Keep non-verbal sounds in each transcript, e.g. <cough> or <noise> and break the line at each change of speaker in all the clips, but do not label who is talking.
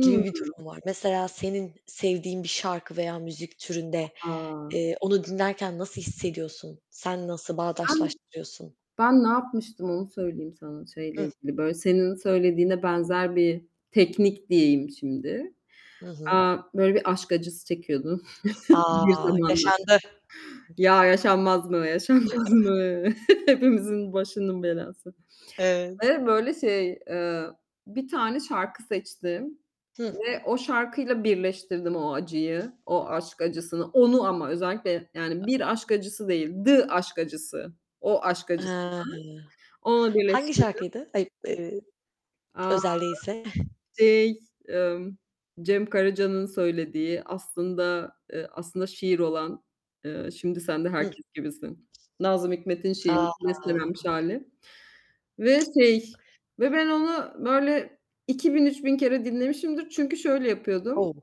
gibi bir durum var. Mesela senin sevdiğin bir şarkı veya müzik türünde,
A!
eee, onu dinlerken nasıl hissediyorsun? Sen nasıl
Ben
bağdaşlaştırıyorsun?
ben ne yapmıştım onu söyleyeyim sana, şeyle
Hıh.
ilgili böyle, senin söylediğine benzer bir teknik diyeyim şimdi.
Hı hı.
Eee, böyle bir aşk acısı çekiyordum <chuckles>
A!
bir zamanlar.
Yaşandı.
Ya, yaşanmaz mı, yaşanmaz mı,
<chuckles>
hepimizin başının belası.
Evet.
Ve böyle şey, eee, bir tane şarkı seçtim
Hıh.
ve o şarkıyla birleştirdim o acıyı, o aşk acısını. Onu ama özellikle yani bir aşk acısı değil, The aşk acısı. O aşk acısını.
Hı.
Onu
Hangi
birleştirdim.
şarkıydı? Ay, eee
A!
özel değilse?
Şey, ımm, Cem Karaca'nın söylediği, aslında, eee, aslında şiir olan, eee, şimdi sen de
Hıh.
herkes gibisin, Nazım Hikmet'in şiiri,
A!
bestelenmiş hâli ve şey ve ben onu böyle 2000-3000 kere dinlemişimdir çünkü şöyle yapıyordum.
O!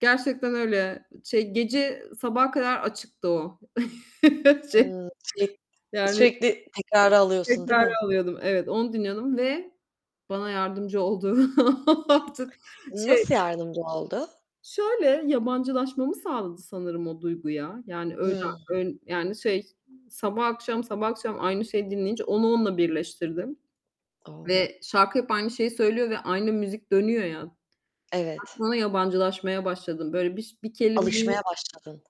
Gerçekten öyle. Şey gece sabaha kadar açıktı o. <chuckles> Şey
Hı. Sürek
yani
sürekli tekrara alıyorsun değil
tekrara
mi?
alıyordum. Evet, onu dinliyordum ve bana yardımcı olduğu <laughs> artık şey
Nasıl yardımcı oldu?
Şöyle; yabancılaşmamı sağladı sanırım o duyguya. Yani öyle,
Hımm.
ön yani şey, sabah akşam, sabah akşam aynı şeyi dinleyince, onu onunla birleştirdim.
Oh!
Ve şarkı hep aynı şeyi söylüyor ve aynı müzik dönüyor ya.
Evet.
Artık yabancılaşmaya başladım. Böyle biş bir
Alışmaya
kelimeyi
başladın.